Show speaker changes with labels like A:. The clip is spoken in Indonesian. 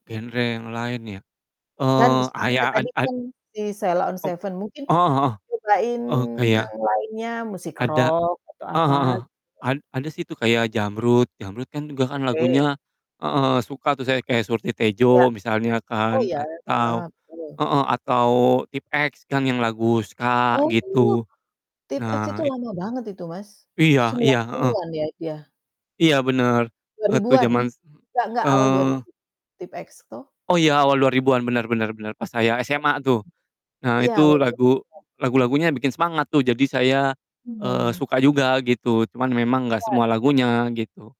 A: Genre yang lain ya?
B: Kan,
A: Eee,
B: sukanya
A: ayak ad
B: tadi
A: ad
B: kan si Sheila on
A: Ep
B: 7 mungkin,
A: heeh heeh.
B: nyobain
A: Oh,
B: yang
A: kayak
B: lainnya musik
A: ada
B: rock atau
A: heeh
B: apa
A: heeh,
B: gitu?
A: ad ada sih tuh kayak Jamrud, Jamrud kan juga kan
B: Oke.
A: lagunya heeh heeh, suka tuh saya, kayak seperti
B: Iya.
A: "Surti-Tejo," misalnya
B: Oh,
A: kan,
B: iya, heeh,
A: atau
B: betul.
A: heeh, atau Tipe-X kan, yang lagu SKA,
B: Oh,
A: gitu.
B: Tipe-X
A: Nah,
B: itu
A: it
B: lama banget itu Mas,
A: Iya iya,
B: sembilan
A: heeh.
B: puluhan ya, itu ya?
A: Iya, benar,
B: dua
A: waktu
B: ribuan
A: jaman s m
B: nggak nggak, awal dua
A: eee
B: ribu, Tipe-X toh?
A: Oh iya, awal 2000-an benar benar benar, pas saya SMA tuh.
B: [unintelligible]
A: Nah,
B: Iya,
A: itu
B: awal dua
A: lagu
B: ribuan
A: lagu-lagunya bikin semangat tuh, jadi saya, eee,
B: Mhm.
A: suka juga gitu, cuman memang nggak semua
B: [unintelligible]
A: lagunya, gitu.